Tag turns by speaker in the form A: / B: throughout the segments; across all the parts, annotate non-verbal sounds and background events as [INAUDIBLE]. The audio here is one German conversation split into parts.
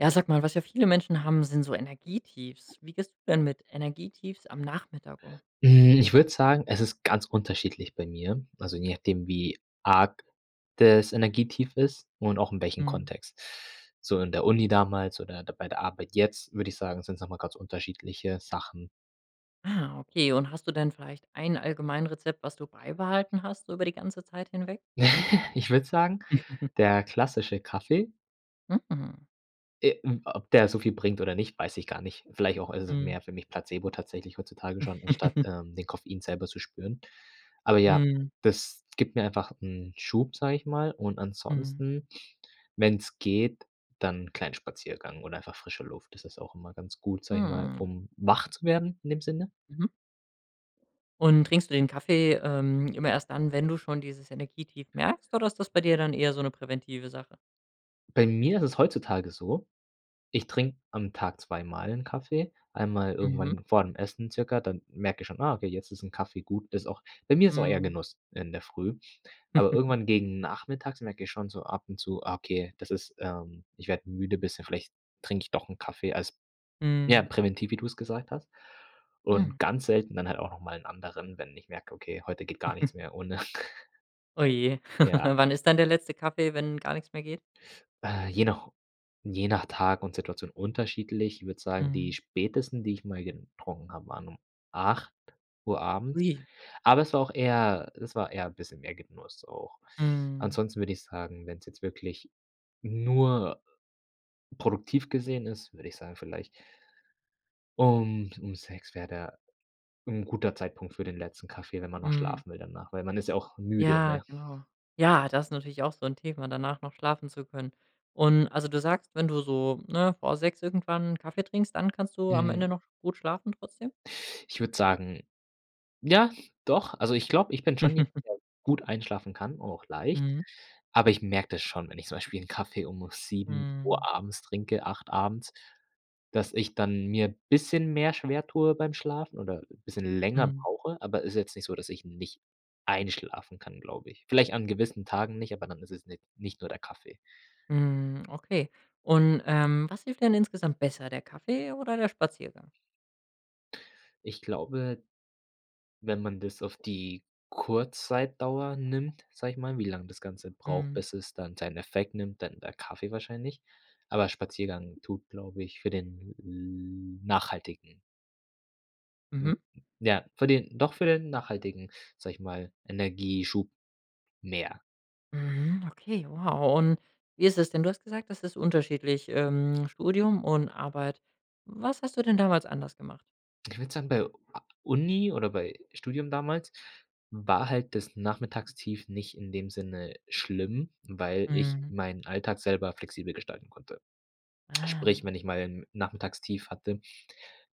A: Ja, sag mal, was ja viele Menschen haben, sind so Energietiefs. Wie gehst du denn mit Energietiefs am Nachmittag um?
B: Hm, ich würde sagen, es ist ganz unterschiedlich bei mir. Also, je nachdem, wie arg das Energietief ist und auch in welchen
A: Mhm.
B: Kontext. So in der Uni damals oder da bei der Arbeit jetzt, würde ich sagen, sind's noch mal ganz unterschiedliche Sachen.
A: Ah, okay, und hast du denn vielleicht ein Allgemeinrezept, was du beibehalten hast über die ganze Zeit hinweg?
B: [CHUCKLES] Ich würde sagen,
A: [CHUCKLES]
B: der klassische Kaffee.
A: Mhm.
B: Äh, m ob der so viel bringt oder nicht, weiß ich gar nicht. Vielleicht auch ist es
A: Mhm.
B: mehr für mich Placebo tatsächlich heutzutage schon, anstatt,
A: [CHUCKLES]
B: ähm, den Koffein selber zu spüren. Aber ja,
A: Mhm.
B: das gibt mir einfach 'n Schub, sag ich mal und
A: Mhm.
B: ansonsten, wenn's geht, dann 'n kleinen Spaziergang oder einfach frische Luft. Das ist auch immer ganz gut, sage ich mal,
A: Mhm, o
B: um wach zu werden in dem Sinne.
A: Mhm. Und trinkst du den Kaffee, ähm, immer erst dann, wenn du schon dieses Energietief merkst oder ist das bei dir dann eher so 'ne präventive Sache?
B: Bei mir ist es heutzutage so, ich trinke am Tag zweimal 'n Kaffee, einmal
A: Mhm.
B: irgendwann vor dem Essen circa, dann merke ich schon: „Ah, okay, jetzt ist 'n Kaffee gut“, das auch bei mir ist auch eher
A: Mhm.
B: Genuss in der Früh. Aber
A: [CHUCKLES]
B: irgendwann gegen Nachmittags merke ich schon so ab und zu: „Ah, okay, das ist ähm, ich werde müde bisschen, vielleicht trinke ich doch 'n Kaffee“, als ja
A: Mhm.
B: präventiv, wie du's gesagt hast.
A: Mhm.
B: Und ganz selten dann halt auch noch mal 'n anderen, wenn ich merke: „Okay, heute geht gar nichts
A: [CHUCKLES]
B: mehr ohne.“
A: Oh, je,
B: [CHUCKLES] Ja.
A: [CHUCKLES] wann ist dann der letzte Kaffee, wenn gar nix mehr geht?
B: Äh, je nach je nach Tag und Situation unterschiedlich. Ich würde sagen, die
A: Mhm.
B: spätesten, die ich mal getrunken habe, waren um 08:00 abends.
A: Ui.
B: Aber es war auch eher es war eher bisschen mehr Genuss auch.
A: Mhm.
B: Ansonsten würde ich sagen, wenn's jetzt wirklich nur produktiv gesehen ist, würde ich sagen vielleicht um um 6 wäre da 'n guter Zeitpunkt für den letzten Kaffee, wenn man noch
A: Mhm.
B: schlafen will dann nachher, weil man ist ja auch müde,
A: Ja,
B: ne?
A: genau. Ja, das natürlich auch so 'n Thema, danach noch schlafen zu können. Und also, du sagst, wenn du so, ne, vor 6 irgendwann 'n Kaffee trinkst, dann kannst du am Ende
B: Mhm.
A: noch gut schlafen trotzdem?
B: Ich würde sagen ja, doch. Also, ich glaube, ich bin schon jemand,
A: [CHUCKLES]
B: der gut einschlafen kann, auch leicht,
A: Mhm.
B: aber ich merke das schon, wenn ich zum Beispiel 'n Kaffee um 07:00
A: Mhm.
B: abends trinke, 8 abends, dass ich dann mir bisschen mehr schwertue beim Schlafen oder bisschen länger
A: Mhm.
B: brauche, aber ist jetzt nicht so, dass ich nicht einschlafen kann, glaube ich. Vielleicht an gewissen Tagen nicht, aber dann ist es ni nicht nur der Kaffee.
A: Mhm. Okay. Und, ähm, was hilft denn insgesamt besser, der Kaffee oder der Spaziergang?
B: Ich glaube, wenn man das auf die Kurzzeitdauer nimmt, sage ich mal, wie lang das Ganze braucht,
A: Mhm.
B: bis es dann seinen Effekt nimmt, dann der Kaffee wahrscheinlich. Aber Spaziergang tut, glaube ich, für den l nachhaltigen m
A: Mhm.
B: ja, für den doch für den nachhaltigen, sage ich mal, Energieschub mehr.
A: Mhm, okay, wow. Und wie ist es denn? Du hast gesagt, das ist unterschiedlich, ähm, Studium und Arbeit. Was hast du denn damals anders gemacht?
B: Ich würde sagen, bei u a Uni oder bei Studium damals war halt das Nachmittagstief nicht in dem Sinne schlimm, weil ich
A: Mhm.
B: meinen Alltag selber flexibel gestalten konnte. Sprich,
A: Ah.
B: wenn ich mal 'n Nachmittagstief hatte,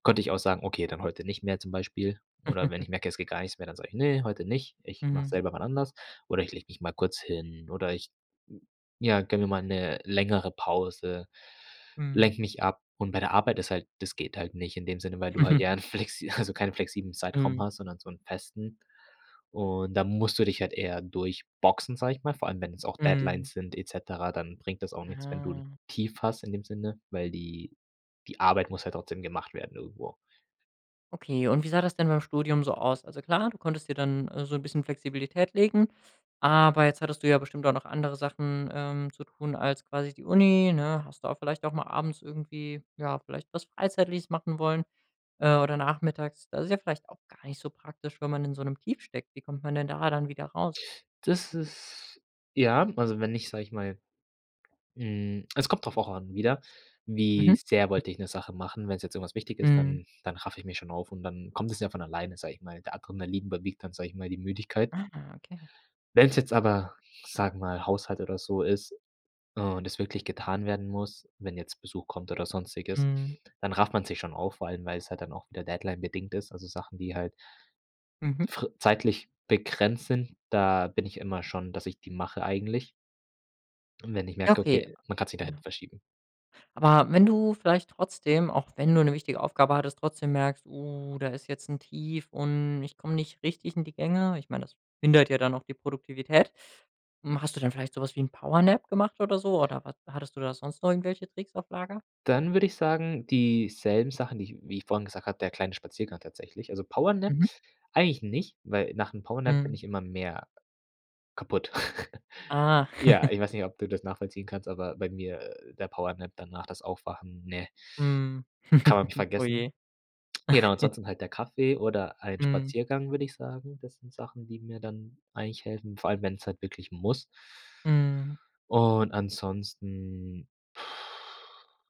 B: konnte ich auch sagen: „Okay, dann heute nicht mehr“, zum Beispiel, oder wenn
A: [CHUCKLES]
B: ich merke, es geht gar nichts mehr, dann sage ich: „Ne, heute nicht, ich mache es
A: Mhm.
B: selber wann anders“, oder ich lege mich mal kurz hin oder ich, ja, gönne mir mal 'ne längere Pause,
A: Mhm.
B: lenke mich ab. Und bei der Arbeit ist halt das geht halt nicht in dem Sinne, weil du halt ja
A: [CHUCKLES]
B: 'n flexi also, keinen flexiblen Zeitraum
A: Mhm.
B: hast, sondern so 'n festen. Und dann musst du dich halt eher durchboxen, sage ich mal, vor allem wenn es auch Deadlines
A: Mhm.
B: sind et cetera, dann bringt das auch nichts, wenn du 'n
A: Ah.
B: Tief hast, in dem Sinne, weil die die Arbeit muss ja trotzdem gemacht werden irgendwo.
A: Okay. Und wie sah das denn beim Studium so aus? Also, klar, du konntest dir dann, äh, so 'n bisschen Flexibilität legen, aber jetzt hattest du ja bestimmt auch noch andere Sachen, ähm, zu tun als quasi die Uni, ne? Hast du auch vielleicht auch mal abends irgendwie ja, vielleicht was Freizeitliches machen wollen äh, oder nachmittags. Das ist ja vielleicht auch gar nicht so praktisch, wenn man in so 'nem Tief steckt. Wie kommt man denn da dann wieder raus?
B: Das ist ja, also, wenn ich, sage ich mal hm, es kommt drauf auch an wieder, wie
A: Mhm.
B: sehr wollte ich 'ne Sache machen? Wenn's jetzt irgendwas wichtig ist,
A: Mhm.
B: dann dann raffe ich mich schon auf und dann kommt es ja von alleine, sage ich mal, der Adrenalin überwiegt dann, sage ich mal, die Müdigkeit.
A: Ah, okay.
B: Wenn's jetzt aber, sage mal, Haushalt oder so ist, äh, und es wirklich getan werden muss, wenn jetzt Besuch kommt oder Sonstiges,
A: Mhm.
B: dann rafft man sich schon auf, vor allem weil's halt dann auch wieder deadline-bedingt ist. Also, Sachen, wie halt
A: Mhm.
B: fr zeitlich begrenzt sind, da bin ich immer schon, dass ich die mache eigentlich. Und wenn ich
A: Ja,
B: merke:
A: okay.
B: „Okay, man kann's nicht nach
A: Ja.
B: hinten verschieben.“
A: Aber wenn du vielleicht trotzdem auch wenn du 'ne wichtige Aufgabe hattest, trotzdem merkst: „Oh, da ist jetzt 'n Tief und ich komme nicht richtig in die Gänge.“ Ich meine, das behindert ja dann auch die Produktivität. Hm, hast du dann vielleicht so was wie 'n Powernap gemacht oder so? Oder was hattest du da sonst noch irgendwelche Tricks auf Lager?
B: Dann würde ich sagen, die selben Sachen, die ich wie ich vorhin gesagt habe, der kleine Spaziergang tatsächlich. Also, Powernap
A: Mhm.
B: eigentlich nicht, weil nach 'nem Powernap bin
A: Mhm.
B: ich immer mehr kaputt. [CHUCKLES]
A: Ah.
B: Ja,
A: [CHUCKLES]
B: ich weiß nicht, ob du das nachvollziehen kannst, aber bei mir, äh, der Powernap danach das Aufwachen, ne
A: Mhm.
B: kann man mich
A: [CHUCKLES]
B: vergessen.
A: Oje.
B: Genau,
A: [CHUCKLES]
B: ansonsten halt der Kaffee oder ein
A: Mhm.
B: Spaziergang, würde ich sagen. Das sind Sachen, die mir dann eigentlich helfen, vor allem wenn's halt wirklich muss.
A: Mhm.
B: Und ansonsten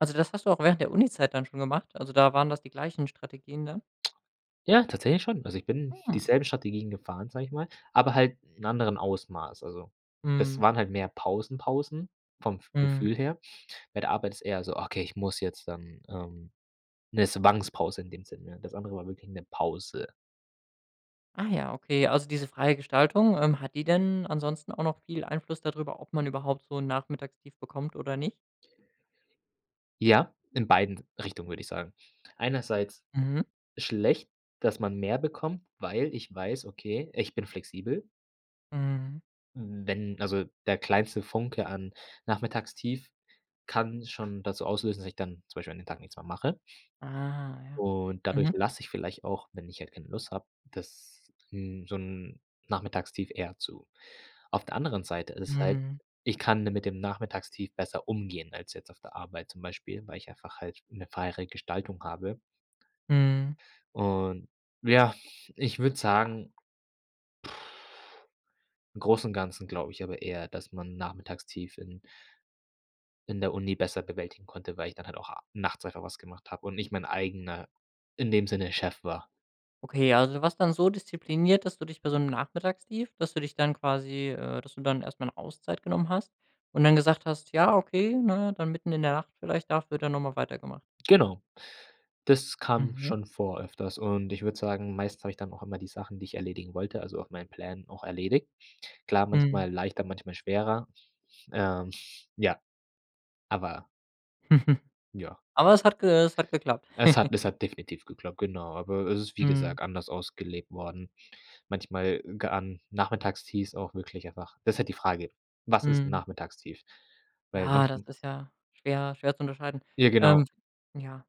A: Also, das hast du auch während der Unizeit dann schon gemacht? Also, da waren das die gleichen Strategien dann?
B: Ja, tatsächlich schon. Also, ich bin
A: Mhm.
B: dieselben Strategien gefahren, sage ich mal, aber halt in anderen Ausmaß. Also, das
A: Mhm.
B: waren halt mehr Pausen-Pausen vom f
A: Mhm.
B: Gefühl her. Bei der Arbeit ist eher so: „Okay, ich muss jetzt, dann“, ähm 'ne Zwangspause in dem Sinne, ne? Das andere war wirklich 'ne Pause.
A: Ah, ja, okay. Also, diese freie Gestaltung, ähm, hat die denn ansonsten auch noch viel Einfluss da drüber, ob man überhaupt so 'n Nachmittagstief bekommt oder nicht?
B: Ja, in beiden Richtungen, würde ich sagen. Einerseits
A: Mhm.
B: schlecht, dass man mehr bekommt, weil ich weiß: „Okay, ich bin flexibel.“
A: Mhm.
B: Wenn also, der kleinste Funke an Nachmittagstief kann schon das so auslösen, dass ich dann zum Beispiel an den Tag nichts mehr mache.
A: Ah, ja.
B: Und dadurch
A: Mhm.
B: lasse ich vielleicht auch, wenn ich halt keine Lust habe, dass 'n so 'n Nachmittagstief eher zu. Auf der anderen Seite ist halt
A: Mhm.
B: ich kann de mit dem Nachmittagstief besser umgehen als jetzt auf der Arbeit zum Beispiel, weil ich einfach halt 'ne freiere Gestaltung habe.
A: Mhm.
B: Und ja, ich würde sagen, [BLOWS AIR] im Großen und Ganzen glaube ich aber eher, dass man Nachmittagstief in in der Uni besser bewältigen konnte, weil ich dann halt auch a nachts einfach was gemacht habe und ich mein eigener, in dem Sinne Chef war.
A: Okay, also du warst dann so diszipliniert, dass du dich bei so 'nem Nachmittagstief dass du dich dann quasi äh, dass du dann erst mal 'ne Auszeit genommen hast und dann gesagt hast: „Ja okay, ne, dann mitten in der Nacht vielleicht, dafür dann noch mal weitergemacht.“
B: Genau, das kam
A: Mhm.
B: schon vor öfters und ich würde sagen, meistens habe ich dann auch immer die Sachen, die ich erledigen wollte, also auf meinen Plänen auch erledigt. Klar,
A: Mhm.
B: manchmal leichter, manchmal schwerer. Ähm, [SNORTS] ja, aber
A: [CHUCKLES]
B: Ja.
A: Aber es hat ge es hat geklappt.
B: Es hat
A: [CHUCKLES]
B: es hat definitiv geklappt, genau. Aber es ist, wie
A: Mhm.
B: gesagt, anders ausgelegt worden. Manchmal ge an Nachmittagstiefs auch wirklich einfach das halt die Frage, was ist 'n
A: Mhm.
B: Nachmittagstief? Weil
A: Ja, das
B: manchm
A: ist ja schwer schwer zu unterscheiden.
B: Ja, genau.
A: Ähm, ja,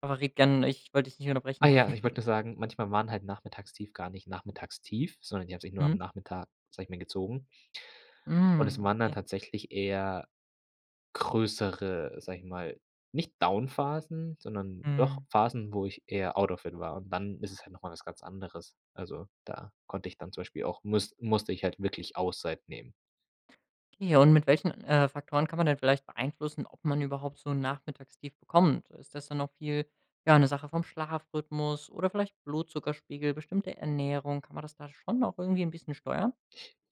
A: aber rede gern, ich wollte dich nicht
B: Ah,
A: unterbrechen.
B: ja, ich
A: [CHUCKLES]
B: wollte nur sagen, manchmal waren halt Nachmittagstief gar nicht Nachmittagstief, sondern die haben sich nur am
A: Mhm.
B: Nachmittag, sage ich mal gezogen und es
A: Mhm,
B: waren dann
A: okay.
B: tatsächlich eher größere, sage ich mal nicht Downphasen, sondern doch
A: Mhm.
B: Phasen, wo ich eher out of it war und dann ist es halt noch mal was ganz anderes. Also da konnte ich dann zum Beispiel auch, musste musste ich halt wirklich Auszeit nehmen.
A: Okay, und mit welchen, äh, Faktoren kann man denn vielleicht beeinflussen, ob man überhaupt so 'n Nachmittagstief bekommt? Ist das dann noch viel ja, 'ne Sache vom Schlafrhythmus oder vielleicht Blutzuckerspiegel, bestimmte Ernährung? Kann man das da schon noch irgendwie 'n bisschen steuern?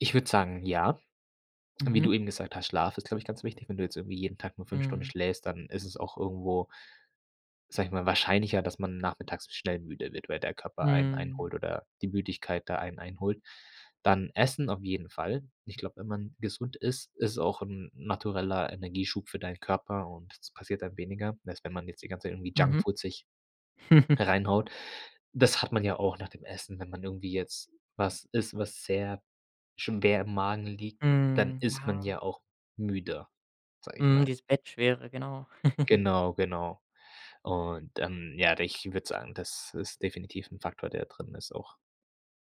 B: Ich würde sagen, ja. Wie
A: Mhm.
B: du eben gesagt hast, Schlaf ist, glaube ich, ganz wichtig, wenn du jetzt irgendwie jeden Tag nur 5 Stunden
A: Mhm.
B: schläfst, dann ist es auch irgendwo sage ich mal, wahrscheinlicher, dass man nachmittags schnell müde wird, weil der Körper einen
A: Mhm.
B: einholt oder die Müdigkeit da einen einholt. Dann Essen auf jeden Fall. Ich glaube, wenn man gesund isst, ist auch 'n natureller Energieschub für deinen Körper und das passiert dann weniger, als wenn man jetzt die ganze Zeit irgendwie
A: Mhm.
B: Junkfood sich
A: [CHUCKLES]
B: reinhaut. Das hat man ja auch nach dem Essen, wenn man irgendwie jetzt was isst, was sehr schon sehr im Magen liegt, dann
A: Mhm,
B: ist man
A: ja.
B: ja auch müde, sage ich
A: Mhm,
B: mal.
A: dieses Bettschwere, genau. [CHUCKLES]
B: Genau, genau. Und, ähm, ja, d ich würde sagen, das ist definitiv 'n Faktor, der drin ist auch.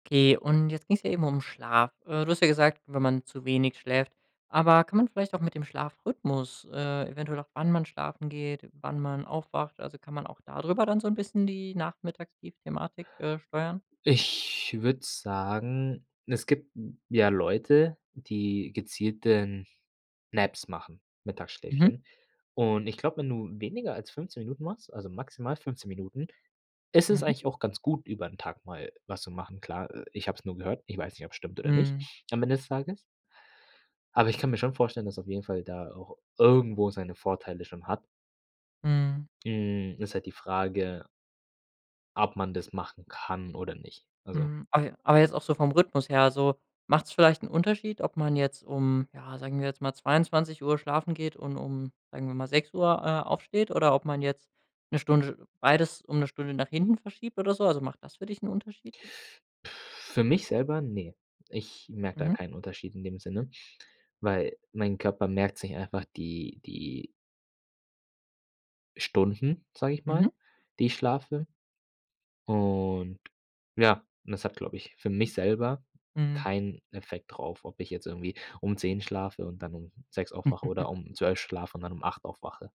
A: Okay und jetzt ging's ja eben um Schlaf. Äh, du hast ja gesagt: „Wenn man zu wenig schläft“, aber kann man vielleicht auch mit dem Schlafrhythmus, äh, eventuell auch wann man schlafen geht, wann man aufwacht, also, kann man auch da drüber dann so 'n bisschen die Nachmittagstief-Thematik, äh, steuern?
B: Ich würde sagen, es gibt ja Leute, die gezielten Naps machen,
A: Mhm.
B: Mittagsschläfchen. Und ich glaube, wenn du weniger als 15 Minuten machst, also, maximal 15 Minuten, ist es
A: Mhm.
B: eigentlich auch ganz gut, über 'n Tag mal was zu machen. Klar, äh, ich habe es nur gehört, ich weiß nicht, ob's stimmt oder nicht
A: Mhm.
B: am Ende des Tages. Aber ich kann mir schon vorstellen, dass auf jeden Fall da auch irgendwo seine Vorteile schon hat.
A: Mhm.
B: Hm, ist halt die Frage ob man das machen kann oder nicht, also.
A: Mhm, aber aber jetzt auch so vom Rhythmus her, so macht's vielleicht 'n Unterschied, ob man jetzt um ja, sagen wir jetzt mal, 22:00 schlafen geht und um sagen wir mal, 06:00, äh, aufsteht oder ob man jetzt 'ne Stunde beides um 'ne Stunde nach hinten verschiebt oder so? Also, macht das für dich 'n Unterschied?
B: [BLOWS AIR] Für mich selber, ne. Ich merke da
A: Mhm.
B: keinen Unterschied in dem Sinne, weil mein Körper merkt sich einfach die die Stunden, sage ich mal,
A: Mhm.
B: die ich schlafe. Und ja, das hat, glaube ich, für mich selber
A: Mhm.
B: keinen Effekt drauf, ob ich jetzt irgendwie um 10 schlafe und dann um 6 aufwache
A: [CHUCKLES]
B: oder um 12 schlafe und dann um 8 aufwache.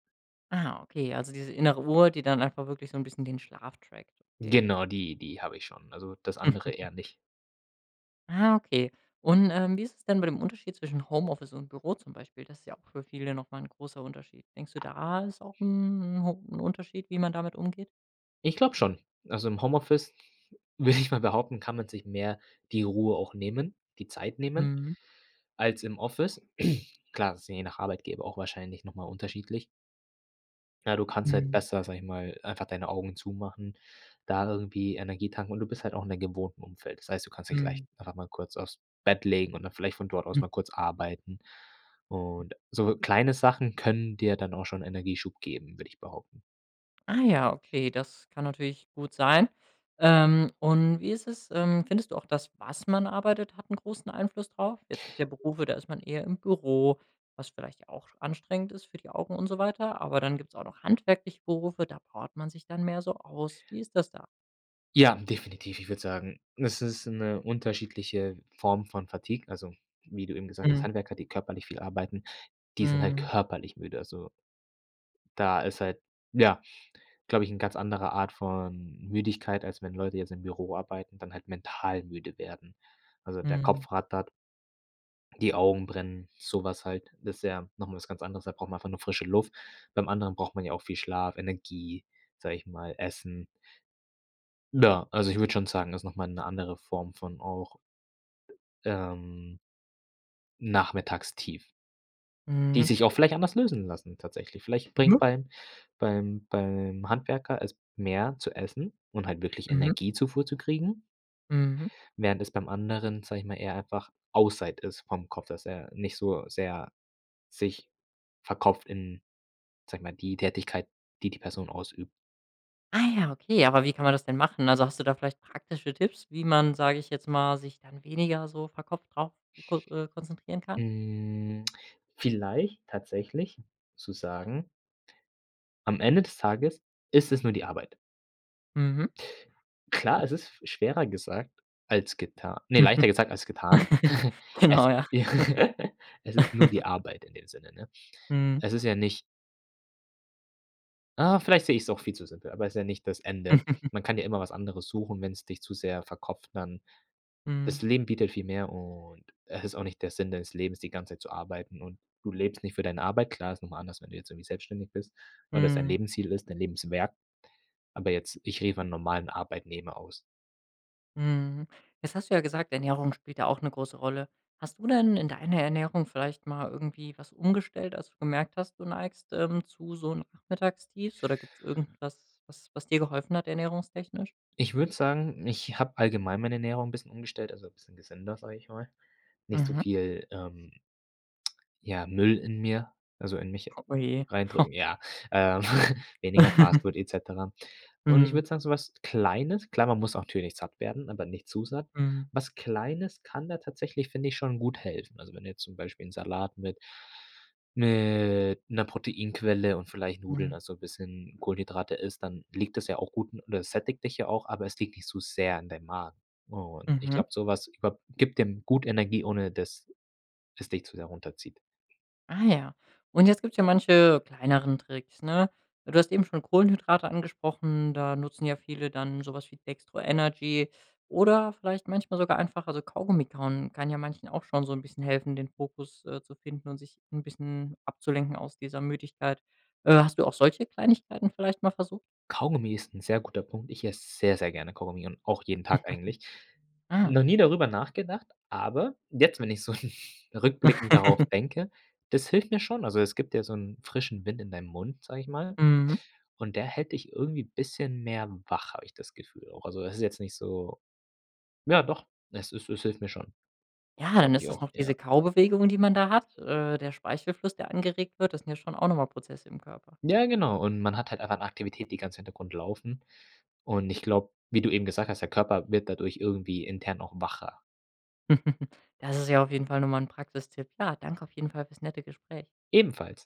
A: Ah, okay, also, diese innere Uhr, die dann einfach wirklich so 'n bisschen den Schlaf trackt, okay.
B: Genau, die die habe ich schon, also das andere
A: [CHUCKLES]
B: eher nicht.
A: Ah, okay. Und, ähm, wie ist es denn bei dem Unterschied zwischen Homeoffice und Büro zum Beispiel? Das ja auch für viele noch mal 'n großer Unterschied. Denkst du da ist auch 'n 'n ho 'n Unterschied, wie man damit umgeht?
B: Ich glaube schon, also, im Homeoffice würde ich mal behaupten, kann man sich mehr die Ruhe auch nehmen, die Zeit nehmen
A: Mhm.
B: als im Office. [CLEARS THROAT] Klar, ist je nach Arbeitgeber auch wahrscheinlich noch mal unterschiedlich. Ja, du kannst halt
A: Mhm.
B: besser, sage ich mal, einfach deine Augen zumachen, da irgendwie Energie tanken und du bist halt auch in deinem gewohnten Umfeld. Das heißt, du kannst dich leich
A: Mhm.
B: einfach mal kurz aufs Bett legen und dann vielleicht von dort aus
A: Mhm.
B: mal kurz arbeiten. Und so kleine Sachen können dir dann auch schon Energieschub geben, würde ich behaupten.
A: Ah, ja, okay, das kann natürlich gut sein. Ähm, und wie ist es? Ähm, findest du auch das, was man arbeitet, hat 'n großen Einfluss drauf? Jetzt gibt's ja Berufe, da ist man eher im Büro, was vielleicht auch anstrengend ist für die Augen und so weiter. Aber dann gibt's auch noch handwerkliche Berufe, da powert man sich dann mehr so aus. Wie ist das da?
B: Ja, definitiv. Ich würde sagen, das ist 'ne unterschiedliche Form von Fatigue, also wie du eben gesagt hast,
A: Mhm.
B: Handwerker, die körperlich viel arbeiten, die sind halt
A: Mhm.
B: körperlich müde. Also da ist halt, ja glaube ich, 'n ganz anderer Art von Müdigkeit, als wenn Leute jetzt im Büro arbeiten, dann halt mental müde werden. Also, der
A: Mhm.
B: Kopf rattert. Die Augen brennen, so was halt, das ja noch mal was ganz anderes, da braucht man einfach nur frische Luft. Beim anderen braucht man ja auch viel Schlaf, Energie, sage ich mal, Essen. Na, also ich würde schon sagen, ist noch mal 'ne andere Form von auch ähm Nachmittagstief. Die
A: Mhm.
B: sich auch vielleicht anders lösen lassen tatsächlich. Vielleicht bringt
A: Mhm.
B: beim beim beim Handwerker es mehr, zu essen und halt wirklich
A: Mhm.
B: Energiezufuhr zu kriegen.
A: Mhm.
B: Während es beim anderen, sage ich mal, eher einfach Auszeit ist vom Kopf, dass er nicht so sehr sich verkopft in, sage mal, die Tätigkeit, die, die Person ausübt.
A: Ah, ja, okay. Aber wie kann man das denn machen? Also hast du da vielleicht praktische Tipps, wie man, sage ich jetzt mal, sich dann weniger so verkopft drauf zu kon äh, konzentrieren kann?
B: Mm. Vielleicht tatsächlich zu sagen am Ende des Tages ist es nur die Arbeit.
A: Mhm.
B: Klar, es ist schwerer gesagt als getan ne, leichter gesagt als getan.
A: [CHUCKLES]
B: [CHUCKLES]
A: Genau,
B: Es
A: ja.
B: [CHUCKLES] es ist nur die
A: [CHUCKLES]
B: Arbeit in dem Sinne, ne?
A: Mhm.
B: Es ist ja nicht Ah, vielleicht sehe ich's auch viel zu simpel, aber ist ja nicht das Ende.
A: [CHUCKLES]
B: Man kann ja immer was anderes suchen, wenn's dich zu sehr verkopft, dann
A: Mhm.
B: das Leben bietet viel mehr und es ist auch nicht der Sinn deines Lebens, die ganze Zeit zu arbeiten und du lebst nicht für deine Arbeit, klar, ist nochmal anders, wenn du jetzt irgendwie selbstständig bist, und das dein
A: Mhm.
B: Lebensziel ist, dein Lebenswerk. Aber jetzt, ich gehe von normalen Arbeitnehmer aus.
A: Mhm. Jetzt hast du ja gesagt, Ernährung spielt da auch 'ne große Rolle. Hast du denn in deiner Ernährung vielleicht mal irgendwie was umgestellt, als du gemerkt hast, du neigst, ähm, zu so 'nem Nachmittagstief? Oder gibt's irgendwas, was was dir geholfen hat ernährungstechnisch?
B: Ich würde sagen, ich habe allgemein meine Ernährung 'n bisschen umgestellt, also bisschen gesünder, sage ich mal. Nicht so
A: Mhm.
B: viel, ähm ja, Müll in mir also in mich
A: Oje. Hoh.
B: reindrücken, ja, äh, [CHUCKLES] weniger Fast
A: [CHUCKLES]
B: Food et cetera und ich
A: Mhm.
B: würde sagen so was Kleines klar, man muss natürlich satt werden, aber nicht zu satt.
A: Mhm.
B: Was Kleines kann da tatsächlich, finde ich, schon gut helfen. Also, wenn du jetzt zum Beispiel 'n Salat mit mit 'ner Proteinquelle und vielleicht Nudeln,
A: Mhm.
B: also bisschen Kohlenhydrate isst, dann liegt das ja auch gut und das sättigt dich ja auch, aber es liegt nicht so sehr in deinem Magen. Und ich
A: Mhm.
B: glaube, so was ich glaube, gibt dem gut Energie, ohne dass es dich zu sehr runterzieht.
A: Ah, ja. Und jetzt gibt's ja manche kleineren Tricks, ne? Du hast eben schon Kohlenhydrate angesprochen, da nutzen ja viele dann so was wie Dextro Energy oder vielleicht manchmal sogar einfach also, Kaugummi kauen kann ja manchen auch schon so 'n bisschen helfen, den Fokus, äh, zu finden und sich 'n bisschen abzulenken aus dieser Müdigkeit. Äh, hast du auch solche Kleinigkeiten vielleicht mal versucht?
B: Kaugummi ist 'n sehr guter Punkt. Ich esse sehr, sehr gerne Kaugummi und auch jeden Tag eigentlich.
A: [CHUCKLES] Ah.
B: Noch nie darüber nachgedacht, aber jetzt, wenn ich so [CHUCKLES] rückblickend darauf
A: [CHUCKLES]
B: denke, das hilft mir schon, also es gibt ja so 'n frischen Wind in deinem Mund, sage ich mal,
A: Mhm.
B: und der hält dich irgendwie bisschen mehr wach, habe ich das Gefühl auch. Also, das ist jetzt nicht so ja, doch, es es es hilft mir schon.
A: Ja,
B: Glaube
A: dann ist
B: ich
A: das
B: auch,
A: noch diese
B: ja.
A: Kaubewegungen, die man da hat, äh, der Speichelfluss, der angeregt wird. Das sind ja schon auch noch mal Prozesse im Körper.
B: Ja, genau und man hat halt einfach 'ne Aktivität, die ganz Hintergrund laufen. Und ich glaube, wie du eben gesagt hast, der Körper wird dadurch irgendwie intern auch wacher.
A: [CHUCKLES] Das ist ja auf jeden Fall noch mal 'n Praxistipp. Ja, danke auf jeden Fall fürs nette Gespräch.
B: Ebenfalls.